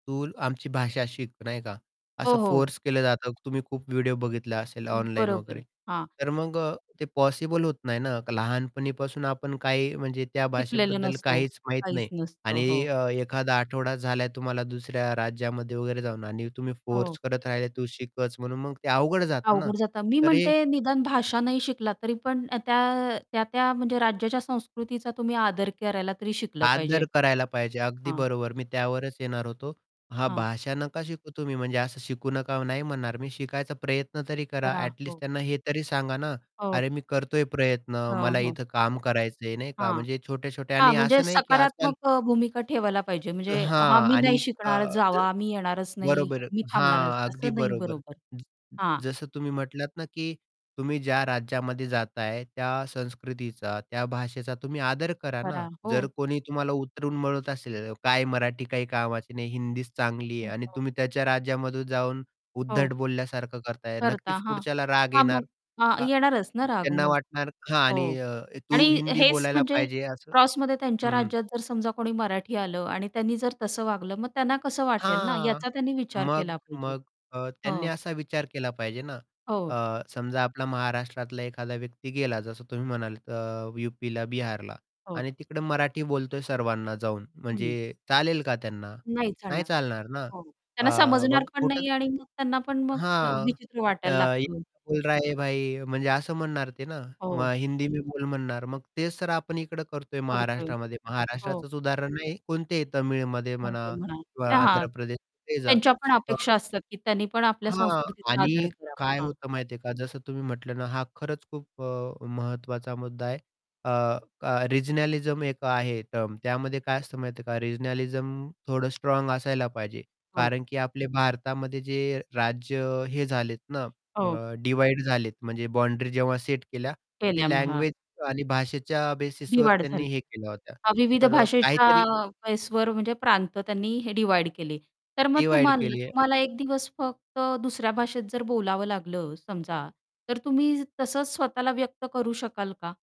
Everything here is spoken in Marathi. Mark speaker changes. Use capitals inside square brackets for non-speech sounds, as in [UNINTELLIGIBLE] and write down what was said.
Speaker 1: तूल आमची भाषा शिक नाही का
Speaker 2: हो,
Speaker 1: असं
Speaker 2: हो.
Speaker 1: फोर्स केलं जातं तुम्ही खूप व्हिडिओ बघितला असेल ऑनलाइन
Speaker 2: बरोबर.
Speaker 1: वगैरे.
Speaker 2: हां.
Speaker 1: तर मग अ, ते पॉसिबल होत नाही ना लहानपणीपासून आपण काही म्हणजे त्या
Speaker 2: शिकलेलो
Speaker 1: भाषेबद्दल
Speaker 2: नसतो,
Speaker 1: काहीच माहीत
Speaker 2: काहीच
Speaker 1: नाही
Speaker 2: नसतं.
Speaker 1: आणि
Speaker 2: हो.
Speaker 1: अ, एखादा आठवडा झालाय तुम्हाला दुसऱ्या राज्यामध्ये वगैरे जाऊन आणि तुम्ही
Speaker 2: हो.
Speaker 1: फोर्स करत राहिले तू शिकच म्हणून मग ते अवघड जातं ना.
Speaker 2: अवघड जातं. मी
Speaker 1: तर हे
Speaker 2: म्हणते निदान भाषा नाही शिकला तरी पण त्या, अ, त्या-त्या म्हणजे राज्याच्या संस्कृतीचा तुम्ही आदर करायला तरी शिकलं पाहिजे.
Speaker 1: आदर करायला पाहिजे, अगदी
Speaker 2: हां.
Speaker 1: बरोबर. मी त्यावरच येणार होतो. हां,
Speaker 2: हां.
Speaker 1: भाषा नका शिकू तुम्ही म्हणजे असं शिकू नका नाही म्हणणार. मी शिकायचा प्रयत्न तरी करा
Speaker 2: करा.
Speaker 1: ॲटलिस्ट
Speaker 2: हो.
Speaker 1: त्यांना हे तरी सांगा ना.
Speaker 2: ओक
Speaker 1: अरे, मी करतोय प्रयत्न
Speaker 2: हां,
Speaker 1: मला
Speaker 2: हो.
Speaker 1: इथं काम करायचंय नाही का
Speaker 2: हां.
Speaker 1: म्हणजे छोटे-छोटे
Speaker 2: हां
Speaker 1: आणि
Speaker 2: म्हणजे
Speaker 1: असं नाही की आजकाल
Speaker 2: सकारात्मक अ, भूमिका ठेवायला पाहिजे. म्हणजे हा
Speaker 1: हां,
Speaker 2: मी नाही
Speaker 1: आणि अ,
Speaker 2: शिकणार,
Speaker 1: ज
Speaker 2: जावा मी येणारच नाही,
Speaker 1: बरोबर.
Speaker 2: मी थांबणारच.
Speaker 1: हां, अगदी
Speaker 2: असं नाही
Speaker 1: बरोबर.
Speaker 2: बरोबर.
Speaker 1: ज
Speaker 2: हां.
Speaker 1: जसं तुम्ही म्हटलात ना, की तुम्ही ज्या राज्यामध्ये जाताय त्या संस्कृतीचा, त्या भाषेचा तुम्ही आदर करा ना,
Speaker 2: करा,
Speaker 1: जर
Speaker 2: हो.
Speaker 1: कोणी तुम्हाला उतरून म्हणत असेल, काय मराठी काही कामाची नाही, हिंदीच चांगली आहे आणि
Speaker 2: [UNINTELLIGIBLE]
Speaker 1: तुम्ही त्याच्या राज्यामध्ये जाऊन उद्धट
Speaker 2: हो.
Speaker 1: बोलल्यासारखं करताय.
Speaker 2: करता,
Speaker 1: नक्कीच
Speaker 2: हां.
Speaker 1: पुढच्याला राग
Speaker 2: हां मग
Speaker 1: येणार.
Speaker 2: हां,
Speaker 1: अ,
Speaker 2: येणारच ना, राग
Speaker 1: त्यांना
Speaker 2: मग.
Speaker 1: वाटणार हां,
Speaker 2: हो
Speaker 1: आणि अ,
Speaker 2: आणि
Speaker 1: "तू हिंदी
Speaker 2: हेच
Speaker 1: बोलायला
Speaker 2: म्हणजे
Speaker 1: पाहिजे" असं
Speaker 2: क्रॉसमध्ये त्यांच्या
Speaker 1: हं.
Speaker 2: राज्यात जर समजा कोणी मराठी आलं आणि त्यांनी जर तसं वागलं? मग त्यांना कसं वाटेल ना,
Speaker 1: हां,
Speaker 2: याचा त्यांनी विचार
Speaker 1: मग
Speaker 2: केला पाहिजे.
Speaker 1: मग अ, त्यांनी
Speaker 2: हो.
Speaker 1: असा विचार केला पाहिजे ना,
Speaker 2: हो.
Speaker 1: अ, समजा आपला महाराष्ट्रातला एखादा व्यक्ती गेला. जसं तुम्ही म्हणालात अ, यूपीला, बिहारला
Speaker 2: हो.
Speaker 1: आणि तिकडे मराठी बोलतोय सर्वांना जाऊन,
Speaker 2: हं.
Speaker 1: म्हणजे चालेल का त्यांना?
Speaker 2: नाही
Speaker 1: नाही
Speaker 2: चालणार,
Speaker 1: चालणार ना,
Speaker 2: हो. त्यांना
Speaker 1: अ,
Speaker 2: समजणार
Speaker 1: मग
Speaker 2: पण
Speaker 1: कुठं
Speaker 2: नाही आणि मग त्यांना पण मग
Speaker 1: हां.
Speaker 2: विचित्र
Speaker 1: अ,
Speaker 2: वाटायला
Speaker 1: ये
Speaker 2: लागतं.
Speaker 1: क्या बोल रहा भाई म्हणजे असं म्हणणार ते ना,
Speaker 2: हो.
Speaker 1: किंवा हिंदी मैं बोल म्हणणार. मग तेच तर आपण इकडं करतोय
Speaker 2: करतोय.
Speaker 1: महाराष्ट्रामध्ये.
Speaker 2: हो.
Speaker 1: महाराष्ट्राचंच उदाहरण नाही कोणतेही तमिळमध्ये
Speaker 2: [UNINTELLIGIBLE]
Speaker 1: म्हणा
Speaker 2: म्हणा.
Speaker 1: किंवा
Speaker 2: तर हां.
Speaker 1: आंध्रप्रदेश कुठेही जा
Speaker 2: त्यांच्यापण
Speaker 1: अ
Speaker 2: अपेक्षा असतात की त्यांनीपण आपल्या
Speaker 1: हां,
Speaker 2: संस्कृतीचा आदर
Speaker 1: आणि
Speaker 2: करावा.
Speaker 1: काय
Speaker 2: हां.
Speaker 1: होतं माहिती आहे का? जसं तुम्ही म्हटलं ना, हां, खरंच खूप अ, महत्त्वाचा मुद्दा आहे. अ, क रिजनलिझम एक आहे टर्म. त्यामध्ये काय असतं माहिती आहे का रिजनलिझम थोडं स्ट्राँग असायला पाहिजे.
Speaker 2: हो.
Speaker 1: कारण की आपले भारतामध्ये जे राज्य अ, हे झालेत ना
Speaker 2: हो.
Speaker 1: अ, डिव्हाईड झालेत म्हणजे बाउंडरी जेव्हा सेट केल्या.
Speaker 2: केल्या
Speaker 1: ते
Speaker 2: मग. हां.
Speaker 1: लँग्वेज आणि भाषेच्या बेसिसवर
Speaker 2: डिव्हाईड
Speaker 1: त्यांनी
Speaker 2: झाले.
Speaker 1: हे केल्या होत्या.
Speaker 2: अ, विविध
Speaker 1: तर अ,
Speaker 2: भाषेच्या
Speaker 1: काहीतरी
Speaker 2: बेसवर म्हणजे प्रांत त्यांनी हे डिव्हाईड केले तर मग
Speaker 1: डिव्हाईड
Speaker 2: तुम्हा
Speaker 1: केली आहे.
Speaker 2: तुम्हाला 1 दिवस फक्त दुसऱ्या भाषेत जर बोलावं लागलं समजा, तर तुम्ही तसंच स्वतःला व्यक्त करू शकाल का?